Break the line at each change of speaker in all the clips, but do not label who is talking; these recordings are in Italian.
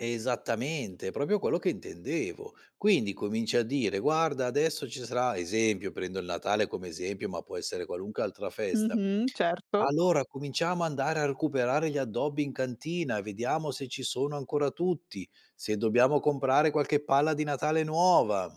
Esattamente, è proprio quello che intendevo. Quindi cominci a dire: "Guarda adesso ci sarà" esempio prendo il Natale come esempio, ma può essere qualunque altra festa.
Mh-mh, certo!
"Allora cominciamo andare a recuperare gli addobbi in cantina e vediamo se ci sono ancora tutti, se dobbiamo comprare qualche palla di Natale nuova."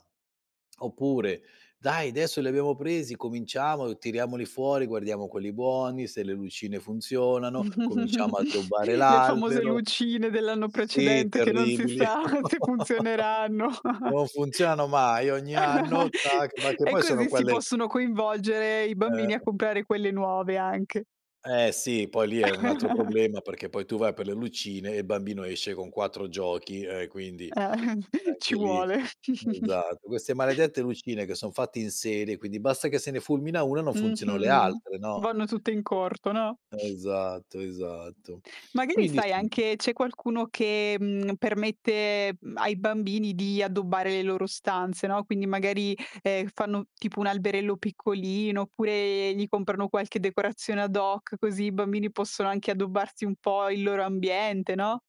Oppure: "Dai desso li abbiamo presi, cominciamo, tiriamoli fuori, guardiamo quelli buoni, se le lucine funzionano, cominciamo a addobbare
Le famose
l'albero"
lucine dell'anno
Sì,
precedente che non si
terribili.
sa se funzioneranno.
Non funzionano mai ogni anno, tac! Ma che
E
poi sono
così si
quelle
possono coinvolgere i bambini a
Eh.
comprare quelle nuove anche.
Eh sì, poi lì è un altro problema perché poi tu vai per le lucine e il bambino esce con 4 giochi e quindi
Eh,
anche
ci
lì
vuole.
esatto, queste maledette lucine che son fatte in serie, quindi basta che se ne fulmina 1 e non funzionano le
Mh-mh.
altre, no
Vanno tutte in corto, no.
sì, esatto esatto.
Magari
Quindi
sai
si.
anche c'è qualcuno che, mhmm, permette, mhmm, ai bambini di addobbare le loro stanze, no, quindi magari, ehm, fanno tipo un alberello piccolino, oppure gli comprano qualche decorazione ad hoc, così i bambini possono anche addobbarsi un po' il loro ambiente, no?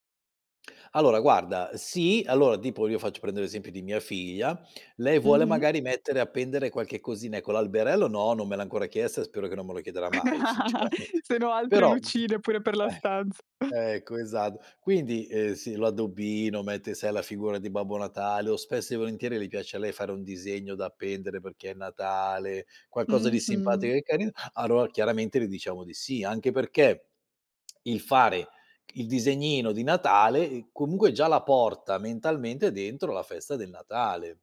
Allora guarda sì, allora tipo io faccio, prendo l'esempio di mia figlia, lei vuole
Mh-mh.
magari mettere appendere qualche cosina, ecco l'alberello no non me l'ha ancora chiesto e spero che non me lo chiederà mai sinceramente
Se no altre
però
lucine pure per la stanza.
eh, ecco, esatto. Quindi, ehm, si l'addobbino, mette sai la figura di Babbo Natale o spesso e volentieri le piace a lei fare un disegno da appendere perché è Natale, qualcosa di simpatico
Mh-mh.
e carin allor chiaramente le diciamo di sì. Anche perché il fare il disegnino di Natale, ehm, comunque già la porta mentalmente dentro la festa del Natale.